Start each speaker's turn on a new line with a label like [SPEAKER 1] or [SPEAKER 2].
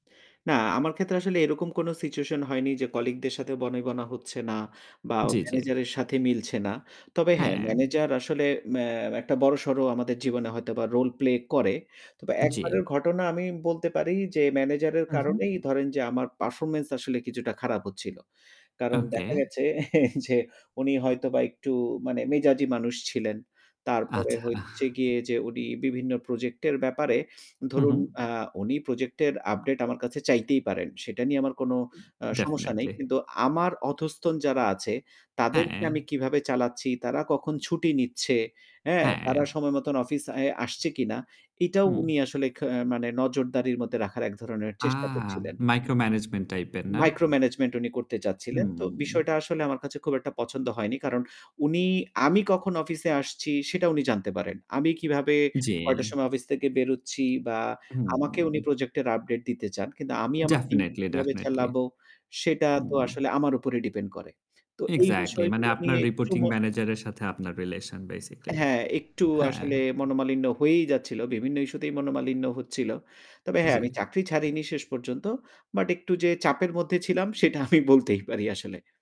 [SPEAKER 1] না, আমার ক্ষেত্রে আসলে এরকম কোন সিচুয়েশন হয়নি যে কলিগদের সাথে বনিবনা হচ্ছে না বা
[SPEAKER 2] জি, জি।
[SPEAKER 1] ম্যানেজারের সাথে মিলছে না। তবে হ্যাঁ,
[SPEAKER 2] হ্যাঁ।
[SPEAKER 1] ম্যানেজার আসলে ম্যা একটা বড়সড় আমাদের জীবনে হয়তোবা রোল-প্লে করে। তবে
[SPEAKER 2] জি।
[SPEAKER 1] একবারের ঘটনা আমি বলতে পারি যে ম্যানেজারের
[SPEAKER 2] হু, হু।
[SPEAKER 1] কারণেই ধরেন যে আমার পারফরম্যান্স আসলে কিছুটা খারাপ হচ্ছিল। কারণ
[SPEAKER 2] ওকে।
[SPEAKER 1] দেখা গেছে যে উনি হয়তোবা একটু মানে মেজাজী মানুষ ছিলেন। তারপরে
[SPEAKER 2] আচ্ছা। আহ
[SPEAKER 1] হচ্ছে গিয়ে যে উনি বিভিন্ন প্রজেক্ট এর ব্যাপারে
[SPEAKER 2] হু,
[SPEAKER 1] ধরুন,
[SPEAKER 2] হু।
[SPEAKER 1] আ উনি প্রজেক্ট এর আপডেট আমার কাছে চাইতেই পারেন। সেটা নিয়ে আমার কোনো অ সমস্যা নেই।
[SPEAKER 2] ডেফিনিটলি।
[SPEAKER 1] কিন্তু আমার অধস্তন যারা আছে তাদেরকে
[SPEAKER 2] হ্যাঁ।
[SPEAKER 1] আমি কিভাবে চালাচ্ছি, তারা কখন ছুটি নিচ্ছে, হ্যাঁ?
[SPEAKER 2] হ্যাঁ।
[SPEAKER 1] তারা সময় মতন অফিস অ্যা আসছে কিনা এটাও
[SPEAKER 2] হুম।
[SPEAKER 1] উনি আসলে খে মানে নজরদারির মধ্যে রাখার এক ধরনের
[SPEAKER 2] আ
[SPEAKER 1] চেষ্টা করছিলেন।
[SPEAKER 2] মাইক্রো ম্যানেজমেন্ট টাইপের, না?
[SPEAKER 1] মাইক্রো ম্যানেজমেন্ট উনি করতে চাচ্ছিলেন। তো বিষয়টা
[SPEAKER 2] হুম।
[SPEAKER 1] আসলে আমার কাছে খুব একটা পছন্দ হয়নি। কারণ উনি আমি কখন অফিসে আসছি সেটা উনি জানতে পারেন। আমি কিভাবে
[SPEAKER 2] জি।
[SPEAKER 1] কয়টার সময় অফিস থেকে বেরোচ্ছি বা আমাকে উনি
[SPEAKER 2] হুম।
[SPEAKER 1] প্রজেক্ট এর আপডেট দিতে চান। কিন্তু আমি আমার টিম কে
[SPEAKER 2] ডেফিনিটলি,
[SPEAKER 1] কিভাবে
[SPEAKER 2] ডেফিনিটলি।
[SPEAKER 1] চালাবো সেটা তো
[SPEAKER 2] হুম
[SPEAKER 1] আসলে আমার উপর ডিপেন্ড করে। তো এই
[SPEAKER 2] এক্সাক্টলি মানে
[SPEAKER 1] বিষয়গুলো
[SPEAKER 2] আপনার
[SPEAKER 1] নিয়ে একটু
[SPEAKER 2] রিপোর্টিং
[SPEAKER 1] মন
[SPEAKER 2] ম্যানেজার এর সাথে আপনার রিলেশন বেসিক্যালি,
[SPEAKER 1] হ্যাঁ, একটু
[SPEAKER 2] হ্যাঁ।
[SPEAKER 1] আসলে মনোমালিন্য হয়েই যাচ্ছিল। বিভিন্ন ইস্যুতেই মনোমালিন্য হচ্ছিল। তবে হ্যাঁ, আমি
[SPEAKER 2] জি।
[SPEAKER 1] চাকরি ছাড়িনি শেষ পর্যন্ত। বাট একটু যে চাপের মধ্যে ছিলাম সেটা আমি বলতেই পারি আসলে।